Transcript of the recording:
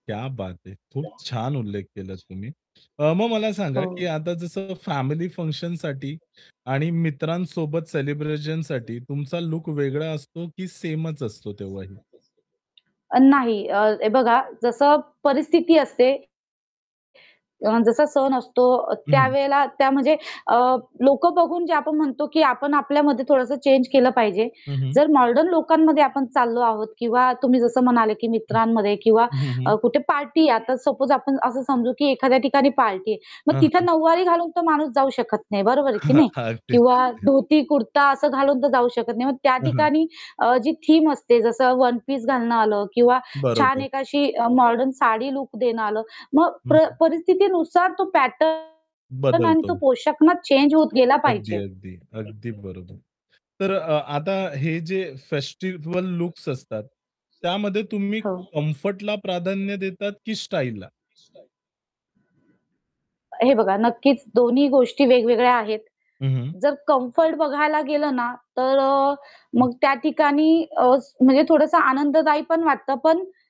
क्या बात है! खूप छान उल्लेख केलात तुम्ही. अ, मग मला सांगा हो. की आता जसं फॅमिली फंक्शनसाठी आणि मित्रांसोबत सेलिब्रेशनसाठी तुमचा लूक वेगळा असतो की सेमचं असतो तेव्हाही? नाही. अ, हे बघा जसं परिस्थिती असते अन जसा सण असतो हं, हं. त्यावेळेला त्या म्हणजे अ, लोकं बघून जे आपण म्हणतो, की आपण आपल्यामध्ये थोडस चेंज केलं पाहिजे. हं, हं. जर मॉडर्न लोकांमध्ये आपण चाललो आहोत किंवा तुम्ही जसं म्हणाले, की हं. मित्रांमध्ये किंवा हं, हं, हं. कुठे पार्टी आहे आता सपोज आपण असं समजू की एखाद्या ठिकाणी पार्टी आहे, मग हां, तिथे हां. नऊवारी घालून तो माणूस जाऊ शकत नाही बरोबर आहे की हां, नाही? हां. अगदीच, किंवा अगदीच. धोती कुर्ता घालून तर जाऊ शकत नाही. मग त्या हां, हां. ठिकाणी अ, जी थीम असते, जस वन पीस घालणं आलं किंवा छान बरोबर. एक अ, अशी मॉडर्न साडी लूक देणं आलं. मग हं, प्र हं. परिस्थितीनुसार तो पॅटर्न आणि तो बदलतो. पोशाख ना चेंज होत गेला अगदी, पाहिजे. अगदी. अगदी बरोबर. तर अ आता हे जे फेस्टिव्हल लुक्स असतात, त्यामध्ये तुम्ही हो. कम्फर्टला प्राधान्य देतात की स्टाईलला? हे बघा नक्कीच दोन्ही गोष्टी वेगवेगळ्या आहेत. हं, हं. जर कम्फर्ट बघायला गेलं ना, तर अ, हं. मग त्या ठिकाणी अ, म्हणजे थोडसं आनंददायी पण वाटत पण